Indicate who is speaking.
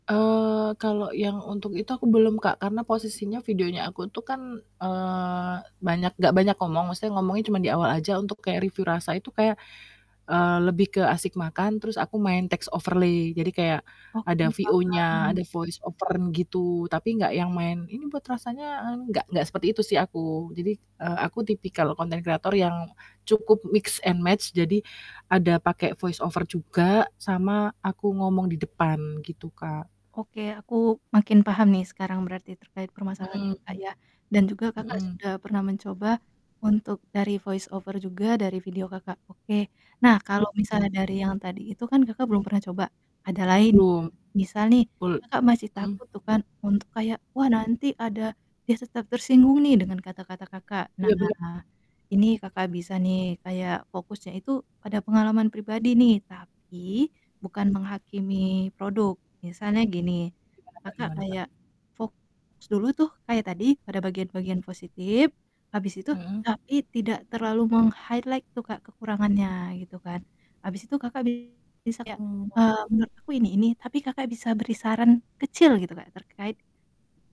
Speaker 1: Eee, kalau yang untuk itu, aku belum, Kak, karena posisinya, videonya aku tuh kan, eee, banyak nggak banyak ngomong, maksudnya ngomongnya cuman di awal aja, untuk kayak review rasa, itu kayak, eee, lebih ke asik makan, terus aku main takes overlay. Jadi kayak
Speaker 2: Oke,
Speaker 1: ada VO-nya,
Speaker 2: paham.
Speaker 1: ada voice over gitu, tapi enggak yang main, "Ini buat rasanya eng" enggak enggak seperti itu sih aku, eee, jadi aku tipikal konten kreator yang cukup mix and match, jadi ada pakai voice over juga, sama aku ngomong di depan, gitu, Kak.
Speaker 2: Oke, aku makin paham nih sekarang berarti terkait
Speaker 1: M
Speaker 2: permasalahan
Speaker 1: mhm,
Speaker 2: Kakak ya, dan juga
Speaker 1: hmm.
Speaker 2: Kakak
Speaker 1: Mhm.
Speaker 2: sudah pernah mencoba untuk dari voice over juga, dari video Kakak. Oke, nah,
Speaker 1: Iya,
Speaker 2: kalo misalnya
Speaker 1: bener.
Speaker 2: dari yang tadi itu kan, Kakak belum pernah coba ada lain,
Speaker 1: Belum.
Speaker 2: misal nih,
Speaker 1: Bul
Speaker 2: Kakak masih
Speaker 1: mhm?
Speaker 2: takut tuh kan, untuk kayak, "Wah, nanti ada dia tetap tersinggung nih." Dengan kata-kata Kakak,
Speaker 1: Iya, bener.
Speaker 2: nah, ini Kakak bisa nih, kayak fokusnya itu pada pengalaman pribadi nih, tapi bukan menghakimi produk. Misalnya gini,
Speaker 1: Gimana, Kak
Speaker 2: Kakak
Speaker 1: gimana, Kak?
Speaker 2: kayak fokus dulu tuh, kayak tadi, pada bagian-bagian positif, habis itu
Speaker 1: Mhm?
Speaker 2: tapi tidak terlalu meng-highlight tuh, Kak, kekurangannya, gitu kan, habis itu Kakak bisa kayak,
Speaker 1: Mmm, oh.
Speaker 2: eee, "Menurut aku ini, ini." Tapi Kakak bisa beri saran kecil gitu, Kak, terkait